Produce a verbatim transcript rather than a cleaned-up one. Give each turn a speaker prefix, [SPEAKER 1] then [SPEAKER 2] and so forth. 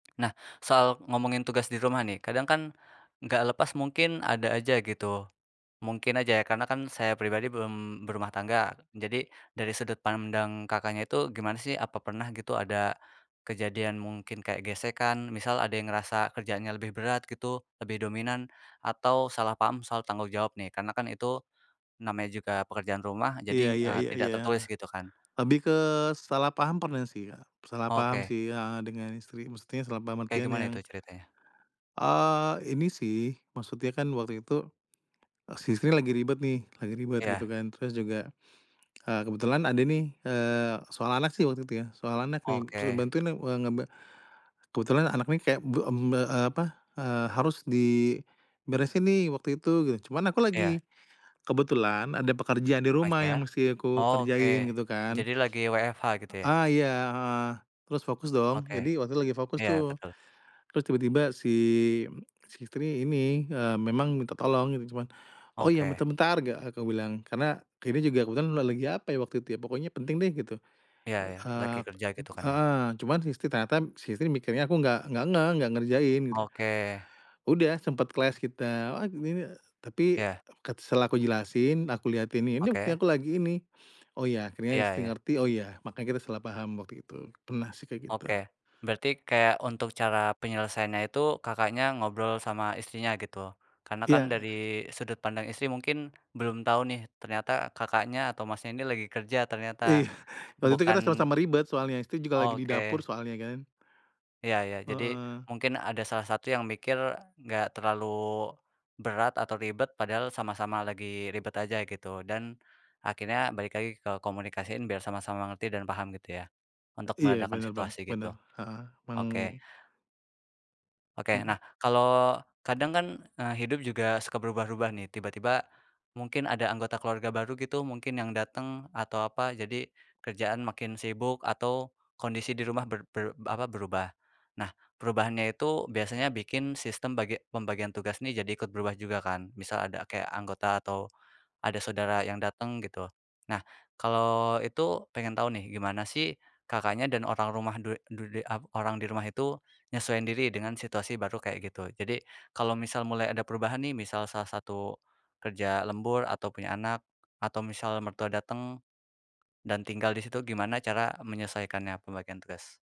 [SPEAKER 1] Nah, soal ngomongin tugas di rumah nih. Kadang kan nggak lepas, mungkin ada aja gitu. Mungkin aja ya, karena kan saya pribadi belum berumah tangga. Jadi, dari sudut pandang Kakaknya itu gimana sih? Apa pernah gitu ada, kejadian, mungkin kayak gesekan, misal ada yang ngerasa kerjaannya lebih berat gitu, lebih dominan, atau salah paham soal tanggung jawab nih, karena kan itu namanya juga pekerjaan rumah,
[SPEAKER 2] Iya
[SPEAKER 1] jadi ng
[SPEAKER 2] iya
[SPEAKER 1] eee,
[SPEAKER 2] iya iya.
[SPEAKER 1] tidak tertulis
[SPEAKER 2] Heeh.
[SPEAKER 1] gitu kan.
[SPEAKER 2] Lebih ke, salah paham pernah sih ya, salah paham
[SPEAKER 1] Oke.
[SPEAKER 2] sih heeh, dengan istri. Maksudnya, salah paham,
[SPEAKER 1] Oke,
[SPEAKER 2] artian
[SPEAKER 1] gimana
[SPEAKER 2] yang
[SPEAKER 1] itu ceritanya?
[SPEAKER 2] eee, ini sih. Maksudnya kan, waktu itu si istri lagi ribet nih, lagi ribet gitu
[SPEAKER 1] Iya.
[SPEAKER 2] kan. Terus juga eee, kebetulan ada nih, eee, soal anak sih waktu itu, ya, soal anak nih. Suruh
[SPEAKER 1] Oke.
[SPEAKER 2] bantuin na wa ngeba kebetulan anak nih kayak, bu mmm, ba eee, apa, eee, harus diberesin nih waktu itu, geu. Cuman, aku
[SPEAKER 1] Iya.
[SPEAKER 2] lagi, kebetulan ada pekerjaan di rumah
[SPEAKER 1] paisya.
[SPEAKER 2] yang masih aku kerjain
[SPEAKER 1] Oke,
[SPEAKER 2] gitu kan.
[SPEAKER 1] jadi lagi WFH gitu ya?
[SPEAKER 2] A ah, iya heeh. Terus fokus dong.
[SPEAKER 1] Oke.
[SPEAKER 2] Jadi, waktu itu lagi fokus
[SPEAKER 1] Iya
[SPEAKER 2] tuh,
[SPEAKER 1] betul.
[SPEAKER 2] terus tiba-tiba si si istri ini, eee, memang minta tolong, gitu cuman, “Oh ya,
[SPEAKER 1] Oke.
[SPEAKER 2] bentar bentar.” Gak aku bilang. Karena, ini juga aku kan la lagi apa ya waktu itu ya, pokoknya penting deh, gitu.
[SPEAKER 1] Iya iya, lagi
[SPEAKER 2] Eee, p
[SPEAKER 1] kerja gitu kan,
[SPEAKER 2] e
[SPEAKER 1] ya.
[SPEAKER 2] heeh. Cuman, si istri ternyata, si istri mikirnya aku nggak nggak ngeh, nggak ngerjain, gitu.
[SPEAKER 1] Oke.
[SPEAKER 2] Udah, sempet, clash kita, "Wah, g gini." Tapi,
[SPEAKER 1] Iya.
[SPEAKER 2] ket setelah aku jelasin, aku lihatin, "Ini buktinya
[SPEAKER 1] Oke.
[SPEAKER 2] aku lagi ini." Oh, ya, akhirnya
[SPEAKER 1] Iya
[SPEAKER 2] istri
[SPEAKER 1] iya.
[SPEAKER 2] ngerti. “Oh ya." makanya kita salah paham waktu itu. Pernah sih, kayak gitu.
[SPEAKER 1] Oke. Berarti, kayak untuk cara penyelesaiannya itu, Kakaknya ngobrol sama istrinya, gitu? Karena kan,
[SPEAKER 2] Iya,
[SPEAKER 1] dari
[SPEAKER 2] eh.
[SPEAKER 1] sudut pandang istri mungkin, belum tahu nih, ternyata Kakaknya atau Masnya ini lagi kerja,
[SPEAKER 2] Ih.
[SPEAKER 1] ternyata.
[SPEAKER 2] Waktu itu kita
[SPEAKER 1] Bukan
[SPEAKER 2] sama-sama ribet soalnya. Istri juga lagi di dapur,
[SPEAKER 1] Oke.
[SPEAKER 2] soalnya kan.
[SPEAKER 1] Ya ya. Jadi,
[SPEAKER 2] Heeh.
[SPEAKER 1] mungkin ada salah satu yang mikir, nggak terlalu berat atau ribet, padahal sama-sama lagi ribet aja gitu. Dan akhirnya balik lagi ke komunikasiin, biar sama-sama ngerti dan paham gitu ya, untuk
[SPEAKER 2] Iya,
[SPEAKER 1] meredakan
[SPEAKER 2] bener, Bang.
[SPEAKER 1] situasi
[SPEAKER 2] Bener,
[SPEAKER 1] gitu.
[SPEAKER 2] heeh. Peng
[SPEAKER 1] Oke. Oke.
[SPEAKER 2] Mhm.
[SPEAKER 1] Nah, kalo kadang kan, eee, hidup juga suka berubah-ubah nih, tiba-tiba mungkin ada anggota keluarga baru gitu, mungkin yang datang atau apa. Jadi, kerjaan makin sibuk atau kondisi di rumah ber ber apa, berubah. Nah, perubahannya itu, biasanya bikin sistem bagi pembagian tugas nih jadi ikut berubah juga kan? Misal ada kayak anggota atau ada saudara yang datang gitu. Nah, kalau itu, pengen tahu nih, gimana sih, Kakaknya dan orang rumah du du di ap orang di rumah itu nyesuaiin diri dengan situasi baru kayak gitu. Jadi, kalau misal mulai ada perubahan nih, misal salah satu kerja lembur, atau punya anak, atau misal mertua datang dan tinggal di situ, gimana cara menyesaikannya, pembagian tugas?